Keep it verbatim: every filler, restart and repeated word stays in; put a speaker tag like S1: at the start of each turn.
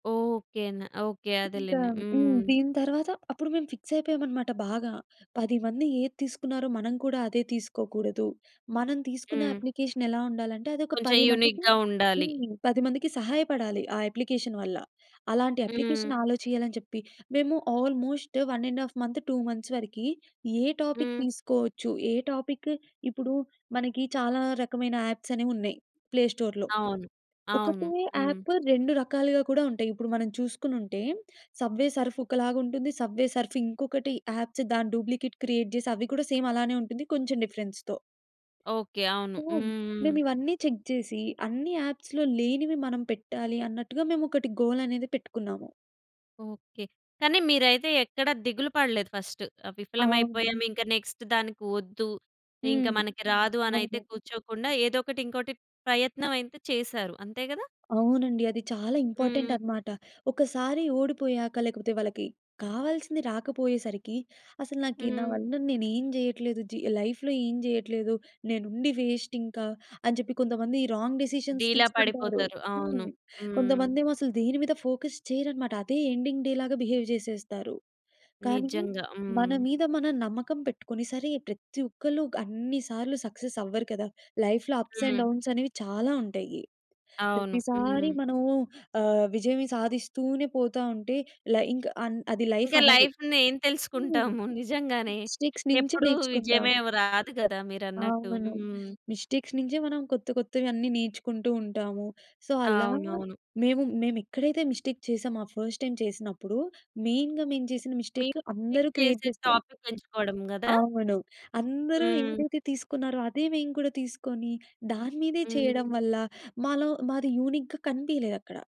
S1: Okay అండి. Okay.
S2: ఇంకా
S1: అదేలేండి.
S2: హ్మ్.
S1: హ్మ్.
S2: దీని తరువాత అప్పుడు మేము ఫిక్స్ అయిపోయామనమాట బాగా. పది మంది ఏది తీసుకున్నారో మనం కూడా అదే తీసుకోకూడదు. మనం తీసుకునే
S1: హ్మ్.
S2: అప్లికేషన్ ఎలా ఉండాలంటే, అదొక
S1: కొంచెం
S2: పది మందికి,
S1: యూనిక్‌గా ఉండాలి.
S2: హ్మ్. పది మందికి సహాయపడాలి. ఆ అప్లికేషన్ వల్ల. అలాంటి
S1: హ్మ్.
S2: అప్లికేషన్ ఆలోచేయాలని చెప్పి, మేము almost one and half month two months వరకి ఏ టాపిక్
S1: హ్మ్.
S2: తీసుకోవచ్చు. ఏ టాపిక్ ఇప్పుడు మనకి చాలా రకమైన యాప్స్ అనేవి ఉన్నాయి. ప్లే స్టోర్‌లో.
S1: అవును.
S2: ఒకటే
S1: అవును. హ్మ్.
S2: యాప్ రెండు రకాలుగా కూడా ఉంటాయి. ఇప్పుడు మనం చూసుకునుంటే, సబ్వే సర్ఫ్ ఒకలాగుంటుంది. సబ్వే సర్ఫ్ ఇంకొకటి యాప్స్ దాని డూప్లికేట్ క్రియేట్ చేసి అవి కూడా సేమ్ అలానే ఉంటుంది. కొంచెం డిఫరెన్స్‌తో.
S1: ఓకే. అవును.
S2: సో,
S1: హుహు.
S2: మేమివన్ని చెక్ చేసి, అన్ని యాప్స్‌లో లేనివి మనం పెట్టాలి అన్నట్టుగా మేమొకటి గోల్ అనేది పెట్టుకున్నాము.
S1: ఓకే. కానీ మీరైతే ఎక్కడ దిగులు పడలేదు ఫస్ట్.
S2: అవును.
S1: విఫలమైపోయాం ఇంక నెక్స్ట్ దానికి వద్దు. ఇంకా
S2: హ్మ్.
S1: మనకి రాదు అని అయితే
S2: అవును.
S1: కూర్చోకుండా, ఏదో ఒకటి ఇంకోటి ప్రయత్నమైతే చేసారు. అంతే కదా?
S2: అవునండి. అది చాలా ఇంపార్టెంట్
S1: హ్మ్.
S2: అనమాట. ఒకసారి ఓడిపోయాక లేకపోతే వాళ్ళకి కావాల్సింది రాకపోయేసరికి, అసలు నాకి నా
S1: హ్మ్.
S2: వల్ల నేనేం చేయట్లేదు. జి లైఫ్‌లో ఏం చేయట్లేదు. నేనుండి వేస్ట్ ఇంకా అని చెప్పి కొంతమంది రాంగ్ డిసిషన్స్
S1: డీలా
S2: తీసుకుంటారు.
S1: పడిపోతారు. అవును.
S2: హ్మ్.
S1: హ్మ్.
S2: కొంతమందేమో అసలు దేని మీద ఫోకస్ చెయ్యరనమాట. అదే ఎండింగ్ డే లాగా బిహేవ్ చేసేస్తారు. కానీ
S1: నిజంగా.
S2: మన
S1: హ్మ్.
S2: మీద మనం నమ్మకం పెట్టుకొని సరే, ప్రతి ఒక్కళ్ళు అన్ని సార్లు సక్సెస్ అవ్వరు కదా! లైఫ్‌లో అప్స్ అండ్
S1: హ్మ్.
S2: డౌన్స్ అనేవి చాలా ఉంటాయి.
S1: అవును.
S2: ప్రతిసారి
S1: హ్మ్.
S2: మనము ఆహ్, విజయమే సాధిస్తూనే పోతా ఉంటే, లై ఇంక అన్ అది లైఫ్
S1: ఇంకా
S2: అనరు.
S1: లైఫ్‌ని ఏం
S2: హ్మ్.
S1: తెలుసుకుంటాము. నిజంగానే.
S2: మిస్టేక్స్ నుంచి
S1: ఎప్పుడు విజయమే
S2: నేర్చుకుంటాము.
S1: రాదు కదా! మీరన్నట్టు.
S2: అవును.
S1: హ్మ్.
S2: మిస్టేక్స్ నుంచే మనం కొత్త కొత్తవి అన్ని నేర్చుకుంటూ ఉంటాము. సో, అలా
S1: అవునవును.
S2: మేము మేము ఎక్కడైతే మిస్టేక్ చేసామో, ఆ ఫస్ట్ టైమ్ చేసినప్పుడు. మెయిన్‌గా మేము చేసిన
S1: మీరు
S2: మిస్టేక్
S1: [unintelligible]
S2: అందరూ క్రియేట్
S1: చేసే
S2: చేస్తున్న
S1: టాపిక్ ఎంచుకోవడం కదా!
S2: అవును. అందరూ
S1: హ్మ్.
S2: ఏదైతే తీసుకున్నారో అదే మేము కూడా తీసుకొని, దాని మీదే చేయడం
S1: హ్మ్.
S2: వల్ల. మాలో మాది యూనిక్‌గా కనిపియలేదక్కడ.